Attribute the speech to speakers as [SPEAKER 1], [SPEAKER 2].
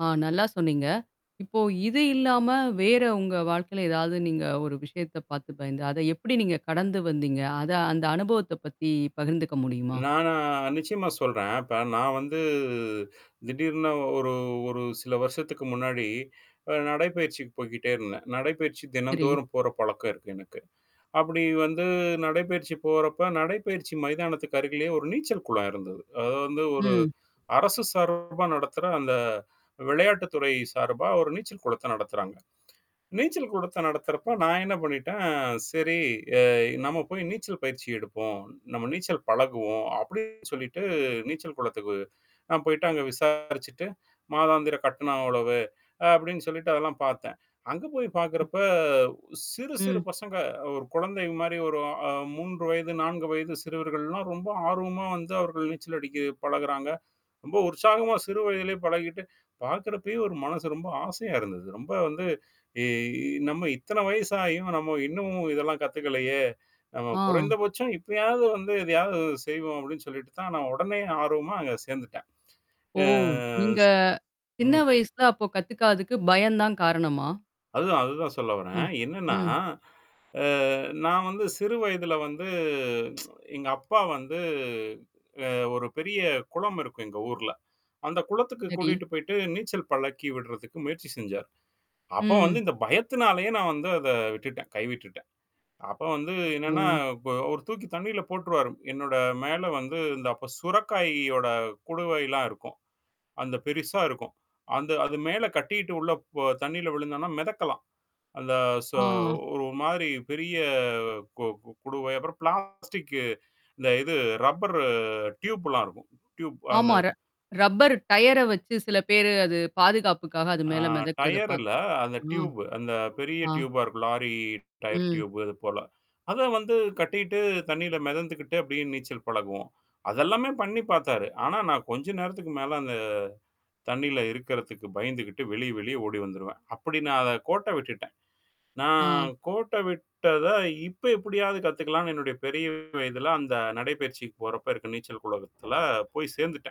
[SPEAKER 1] ஆ நல்லா சொன்னீங்க. இப்போ இது இல்லாம வேற உங்க வாழ்க்கையில ஏதாவது நீங்க ஒரு விஷயத்த பார்த்து பயந்து, அத எப்படி நீங்க கடந்து வந்தீங்க? அத அந்த அனுபவத்த பத்தி பகிர்ந்துக்க முடியுமா?
[SPEAKER 2] நானா நிச்சயமா சொல்றேன். இப்ப நான் வந்து திடீர்னு ஒரு ஒரு சில வருஷத்துக்கு முன்னாடி அ நடைப்பயிற்சிக்கு போய்கிட்டே இருந்தேன். நடைப்பயிற்சி
[SPEAKER 1] சரி.
[SPEAKER 2] தினந்தோறும் போற பழக்கம் இருக்கு எனக்கு. அப்படி வந்து நடைப்பயிற்சி போறப்ப நடைப்பயிற்சி மைதானத்துக்கு அருகிலேயே ஒரு நீச்சல் குளம் இருந்தது. அது வந்து ஒரு
[SPEAKER 1] ம்.
[SPEAKER 2] அரசு சார்பா நடத்துற அந்த விளையாட்டு துறை சார்பா ஒரு நீச்சல் குளத்த நடத்துறாங்க. நீச்சல் குளத்த நடத்துறப்ப நான் என்ன பண்ணிட்டேன் சரி அ நம்ம போய் நீச்சல் பயிற்சி எடுப்போம். நம்ம நீச்சல் பழகுவோம். அப்படின்னு சொல்லிட்டு நீச்சல் குளத்துக்கு நான் போயிட்டு அங்க விசாரிச்சுட்டு மாதாந்திர கட்டணம் அவ்வளவு. அப்படின்னு சொல்லிட்டு அதெல்லாம் பார்த்தேன். அங்க போய்
[SPEAKER 1] ம்.
[SPEAKER 2] பார்க்கறப்ப சிறு, சிறு
[SPEAKER 1] ம்.
[SPEAKER 2] பசங்க ஒரு குழந்தை மாரி ஒரு அ 3 வயது, 4 வயது, சிறுவர்கள்லாம் ரொம்ப ஆர்வமா வந்து அவர்கள் நீச்சல் அடிக்க பழகுறாங்க. ரொம்ப உற்சாகமா சிறு வயதிலேயே பழகிட்டு, பார்க்கறப்பயே ஒரு மனசு ரொம்ப ஆசையா இருந்தது. ரொம்ப வந்து இ நம்ம இத்தன வயசாயும் நம்ம இன்னமும் இதெல்லாம் கத்துக்கலையே! நம்ம
[SPEAKER 1] ஆ.
[SPEAKER 2] குறைந்தபட்சம் இப்பயாவது வந்து இதையாவது செய்வோம் அப்படின்னு சொல்லிட்டு தான் நான் உடனே ஆர்வமா அங்க சேர்ந்துட்டேன்.
[SPEAKER 1] ஓ!
[SPEAKER 2] ஆ
[SPEAKER 1] நீங்க
[SPEAKER 2] ஸ்
[SPEAKER 1] சின்ன
[SPEAKER 2] ம்.
[SPEAKER 1] வயசுல அப்போ கத்துக்காததுக்கு பயம் தான் காரணமா?
[SPEAKER 2] அதுதான், அதுதான் சொல்ல வரேன்.
[SPEAKER 1] ம்.
[SPEAKER 2] என்னன்னா
[SPEAKER 1] ம்.
[SPEAKER 2] அ நான் வந்து சிறு வயதுல வந்து எங்க அப்பா வந்து அ ஒரு பெரிய குளம் இருக்கும் எங்க ஊர்ல. அந்த குளத்துக்கு
[SPEAKER 1] சரி.
[SPEAKER 2] கூட்டிட்டு போயிட்டு நீச்சல் பழக்கி விடுறதுக்கு முயற்சி செஞ்சார். அப்ப வந்து
[SPEAKER 1] ம்.
[SPEAKER 2] இந்த பயத்தினாலேயே நான் வந்து அத விட்டுட்டேன், கைவிட்டுட்டேன். அப்ப வந்து
[SPEAKER 1] ஓ.
[SPEAKER 2] என்னன்னா இ ஒரு தூக்கி தண்ணில போட்டுருவாரு. என்னோட மேல வந்து இந்த அப்ப சுரக்காயியோட குடுவைலாம் இருக்கும். அந்த பெருசா இருக்கும். அந்த அது மேல கட்டிட்டு உள்ள ப தண்ணில விழுந்தோம்னா மிதக்கலாம். அந்த சொ
[SPEAKER 1] ஆ.
[SPEAKER 2] ஒரு மாதிரி பெரிய கு கு குடுவை அப்புறம் பிளாஸ்டிக்கு. இந்த இது ரப்பர் டியூப்லாம் இருக்கும். டியூப் அந்த
[SPEAKER 1] ஆமாற ரப்பர் டயர வச்சு சில பேரு அது பாதுகாப்புக்காக அது
[SPEAKER 2] ஆ
[SPEAKER 1] மேல மிதக்கறத
[SPEAKER 2] டயர் இல்ல
[SPEAKER 1] பார்த்து
[SPEAKER 2] அந்த
[SPEAKER 1] ம்.
[SPEAKER 2] டியூப் அந்த பெரிய
[SPEAKER 1] ஆ.
[SPEAKER 2] டியூபா இருக்கும். லாரி டயர்
[SPEAKER 1] ம்.
[SPEAKER 2] டியூப் அது போல. அத வந்து கட்டிட்டு தண்ணில மிதந்துக்கிட்டு அப்படியே நீச்சல் பழகுவோம். அது எல்லாமே பண்ணி பார்த்தாரு. ஆனா நான் கொஞ்ச நேரத்துக்கு மேல அந்த தண்ணில இருக்குறதுக்கு பயந்துகிட்டு வெளிய வெளிய ஓடி வந்துருவேன். அப்படி நான் அத கோட்ட விட்டுட்டேன். நான்
[SPEAKER 1] ஆ.
[SPEAKER 2] கோட்ட விட்டத இப்ப எப்படியாவது கத்துக்கலான்னு என்னுடைய பெரிய வயதில அந்த நடைப்பயிற்சிக்கு போறப்ப இருக்க நீச்சல் குலகத்துல போய் சேர்ந்துட்டேன்.